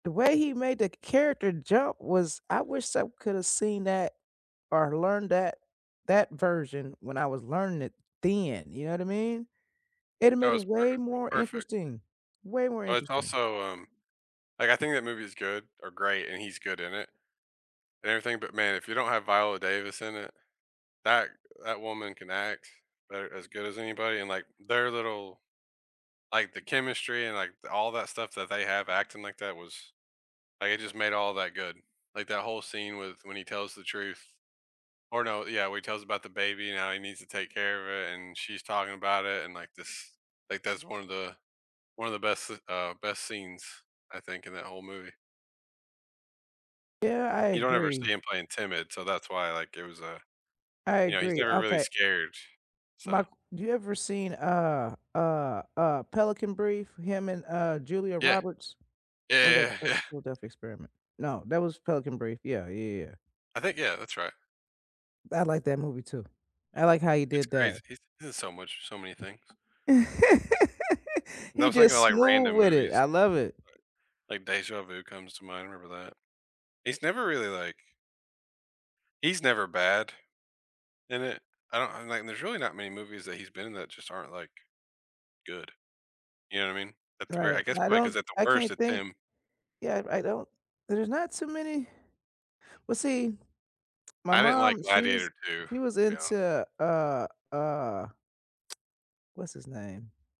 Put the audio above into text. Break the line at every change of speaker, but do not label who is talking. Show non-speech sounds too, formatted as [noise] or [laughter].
The way he made the character jump was I wish I could have seen that or learned that that version when I was learning it then, you know what I mean, it'd a
That
made it
was per
way
per,
more
perfect.
interesting way more
But it's
interesting.
also um, like, I think that movie is good, or great, and he's good in it, and everything but, man, if you don't have Viola Davis in it, that that woman can act better as good as anybody, and, like, their little like, the chemistry and, like, th all that stuff that they have acting like that was, like, it just made all that good. Like that whole scene with when he tells the truth or no yeah, where he tells about the baby, and how he needs to take care of it, and she's talking about it, and, like, this like, that's one of the one of the best, uh, best scenes, I think in that whole movie.
Yeah, I
You don't ever see
agree.
him playing timid, so, that's why, like, it was a
I
you know, he's
agree,
never really
okay.
scared,
My
so.
q do you ever seen, uh uh uh, Pelican Brief, him, and, uh, Julia
Yeah
Roberts,
yeah
or
yeah
that's
yeah
Phila
yeah.
Philadelphia Experiment? No, that was Pelican Brief, yeah yeah yeah yeah.
I think yeah, that's right.
I like that movie too, I like how he
It's
did
crazy,
that.
he's he's in so much so many things.
[laughs]
Th I
He
was thinking
just
of, like,
smooth
random
with it,
movies
I love it.
like like Deja Vu comes to mind, I remember that. He's never really like He's never bad, and it I don't um, like, there's really not many movies that he's been in that just aren't, like, good, you know what I mean, at the very I
Right,
guess
I
probably 'cause
don't
at the
I
worst
can't
it's
think
him
yeah, r I don't there's not too many well, see, my
I didn't like
mom, she was
Gladiator II,
she was
I'll be honest.
into, uh uh What's his name?